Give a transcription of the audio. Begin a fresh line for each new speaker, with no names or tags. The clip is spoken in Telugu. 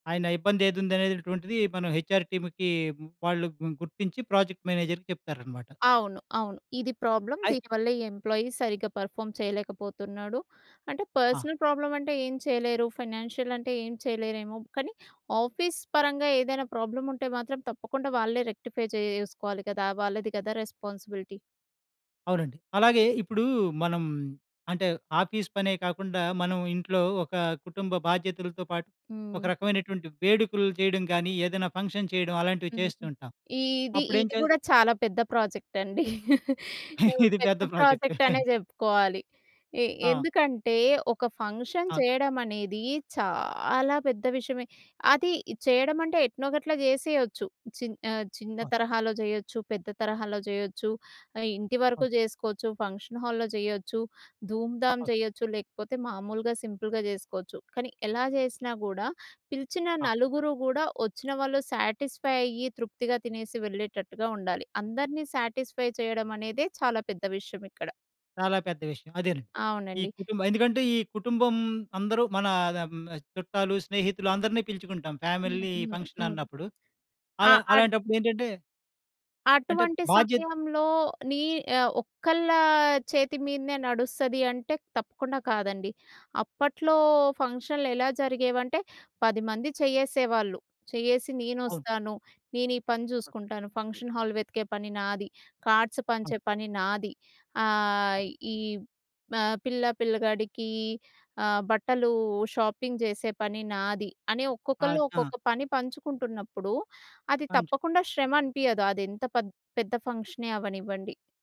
ఆయన ఇబ్బందేదుంది అనేటటువంటిది, మనం హెచ్‌‌ఆర్ టీమ్‌కి వాళ్ళు గుర్తించి ప్రాజెక్ట్ మేనేజర్‌కి చెప్తారనమాట.
అవును. అవును. ఇది ప్రాబ్లమ్.
అయ్
దీనివల్లే ఈ ఎంప్లాయి సరిగ్గా పర్‌ఫా‌మ్ చేయలేకపోతున్నాడు. అంటే
ఆ!
పర్సనల్ ప్రాబ్లమంటే ఏం చేయలేరు, ఫైనాన్షియలంటే ఏం చేయలేరేమో, కానీ ఆఫీస్ పరంగా ఏదైనా ప్రాబ్లముంటే మాత్రం తప్పకుండా వాళ్ళే రెక్టిఫై చేయేసుకోవాలి కదా! వాళ్ళది కదా రెస్పాన్సిబిలిటీ.
అవునండి. అలాగే ఇప్పుడూ మనం అంటే, ఆఫీస్ పనే కాకుండా మనం ఇంట్లో ఒక కుటుంబ బాధ్యతలతో పాటు ఒక
హ్మ్.
రకమైనటువంటి వేడుకులు జేయడం గానీ, ఏదైనా ఫంక్షన్ చేయడం అలాంటివి
హ్మ్.
చేస్తూంటాం.
ఈది
అప్పుడేం
ఇది
చే
గూడా చాలా పెద్ద ప్రాజెక్టండి. హ్మ్.
ఇది
పెద్ద
పెద్ద ప్రాజెక్ట్.
ప్రాజెక్టనే జెప్పుకోవాలి. ఎ
ఆ!
ఎందుకంటే ఒక ఫంక్షన్
ఆ!
చేయడమనేది చాలా పెద్ద విషమే అది ఇది చేయడం అంటే, ఎట్నో‌ గట్ల జేసేయొచ్చు. చి ఆహ్, చిన్న
ఆ!
తరహాలో జేయొచ్చు, పెద్ద తరహాలో జేయొచ్చు ఆహ్, ఇంటి
ఆ!
వరకు జేసుకోవచ్చు, ఫంక్షన్ హాల్‌లో జేయ్యొచ్చు, ధూంధాం
ఆ!
చేయొచ్చు లేకపోతే మామూలుగా సింపుల్‌గా జేసుకోవచ్చు. కానీ ఎలా జేసినా గూడా పిలిచిన
ఆ!
నలుగురు గూడా, వచ్చిన వాళ్ళు సాటిస్‌ఫై అయ్యి తృప్తిగా తినేసి వెళ్ళేటట్టుగా ఉండాలి. అందరిని సాటిస్‌ఫై చేయడమనేదే చాలా పెద్ద విషయమిక్కడ.
చాలా పెద్ద విషయం. అదేనండి. ఈ
అవునండి.
కుటుంబం ఎందుకంటే, ఈ కుటుంబం అందరు మనా అద‌మ్ చుట్టాలు, స్నేహితులు అందరిని పిలుచుకుంటాం
హ్మ్.
ఫ్యామిలీ
హ్మ్. హ్మ్.
ఫంక్షనన్నప్పుడు. అల
ఆ ఆట్
అలాంటప్పుడేంటంటే అంటే,
అటువంటి
బాధ్యత
సమయంలో నీ ఆహ్, ఒక్కళ్ళా చేతి మీదనే నడుస్తది అంటే తప్పకుండా కాదండి. అప్పట్లో ఫంక్షనులు ఎలా జరిగేవంటే, 10 మంది చేయ్యేసేవాళ్ళు. చేయ్యేసి,
అవును.
నేనొస్తాను నేనీ పని
ఆ!
చూకుంటాను, ఫంక్షన్ హాల్ వెతికే పని నాది, కార్డ్స్
ఆ!
పంచే పని నాది.
ఆ!
ఆహ్ ఈ మా పిల్లా, పిల్లగాడికీ ఆహ్, బట్టలూ షాపింగ్ చేసే పని నాది. అని ఒక్కొక్కళ్ళు
ఆద్ ఆ!
ఒక్కొక్క పని పంచుకుంటున్నప్పుడు అది
పం‌చు
తప్పకుండా శ్రమనిపియదు అది ఎంత పెద్ద్ పెద్ద ఫంక్షనే అవ్వనివ్వండి.